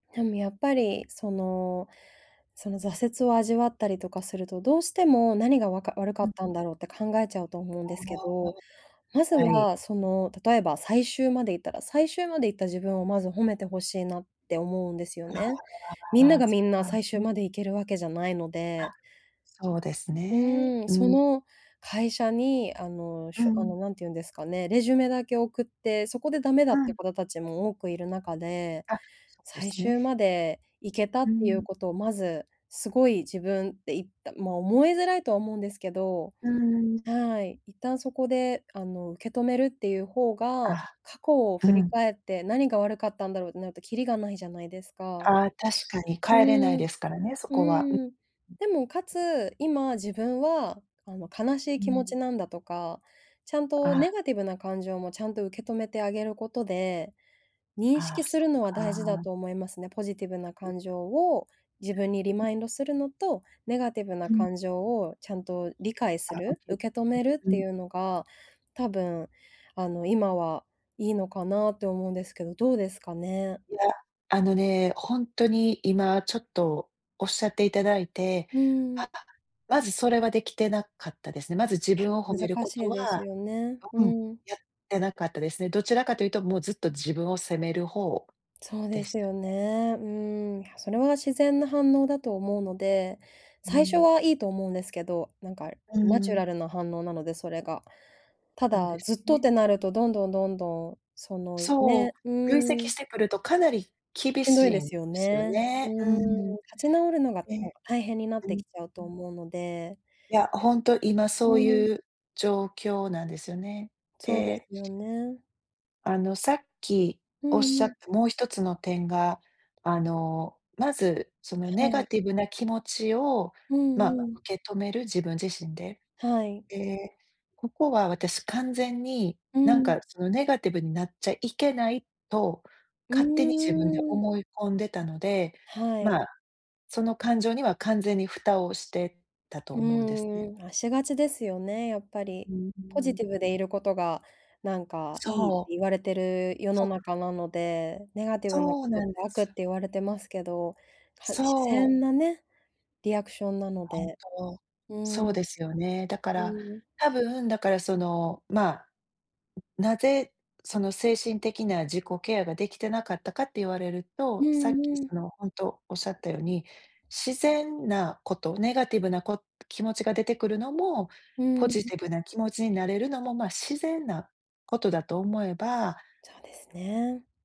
でもやっぱりその、その挫折を味わったりとかすると、どうしても何がわか悪かうんったうん。んだろうって考えちゃうと思うんあですけど、あ、まずはい。はその例えば最終までいったら、最終まで行った自分をまず褒めて欲しいなって思うんですよあね。みんあ、あ、なあ、がそみっんなか、最終ん。まで行けるわけじゃないのあ、で。そうですうね。ーん、うそん。の会社にあの、うしょあのん。何て言うんですかね、レジュメだけ送って、そこでダメだうっていうん。方たちも多くいる中で、あ、そうで最す終ね。まで行けたっうていうん。ことをまず、すごい自分で言ったま思いづらいとは思うんですけどうーん、うん。はい、一旦そこであの、受け止めるっていう方が、あ、過去をう振りん。返って何が悪かったんだろうってなるときりがないじゃないですか。ああ、確かにう変えれないーん。ですからね、そうこは。ーん、でもかつ、今自分はあの悲しいう気持ちん。なんだとか、ちゃんとネあ。ガティブな感情もちゃんと受け止めてあげることで、認あ識あ、すそっるのは大事だか。と思いますね。ポジティブな感情を、自分にリマインドするのと、ネガティブなうん。感情をちゃんと理解すあ、おるけと受け止めりるっうてん。いうのが、多分、あの今はいいのかなって思うんですけど、どうですかね。いや、あのね、ほんとに今ちょっとおっしゃっていただいて、うあ、ん。まずそれはできてなかったですね。まず自いや、分を褒める難こしいとですは、よね、ううん、うん。やってなかったですね。どちらかというと、もうずっと自分を責める方そうででしすたよね。ね。うーん、それは自然な反応だと思うので、う最初ん。はいいと思うんですけど、なんかうナチュん。ラルな反応なので、それが。たそうだですずっとっね。てなるとどんどんどんどんそのそね、うう、累ー積ん。してくるとかなり厳しんどしいでいんですよすよね。うね。うーん、ん。で立ち直るのがもう、大変になっうてんきちゃううとん。思うので。いや、ほんと今うそうーん。いう状況なんですよね。そうですでよね。あの、さっきうおっんしゃっうん。たもう1つの点が、あの、まずそのはネガい。ティブな気持ちをうんまうん。受け止める、自分自身で、はい。で、ここは私完全に、うなんかん。そのネガティブになっちゃいけないと、う勝手に自分でーん。思い込んでたので、はい。ま、その感情には完全に蓋をしてたとう思うんですね。ーん、あ、しがちですよね、やっぱり。うん、ううポジティん。ブでいることがなんかそいいってう。言われてる世のそう。中なので、ネガティブなそこうとっなてんで悪っす。て言われてますけど、自そう。然なね、リアクションなの本で。当、うん。うそうですよね。だから、ーん。たぶん、だからその、ま、なぜ、その精神的な自己ケアができてなかったかって言われるうと、さっきんうん。その、ほんとおっしゃったように、自然なこと、ネガティブなこ気持ちが出てくるのも、うポん。ジティブな気持ちになれるのも、ま、自然なことだと思えばそうですね。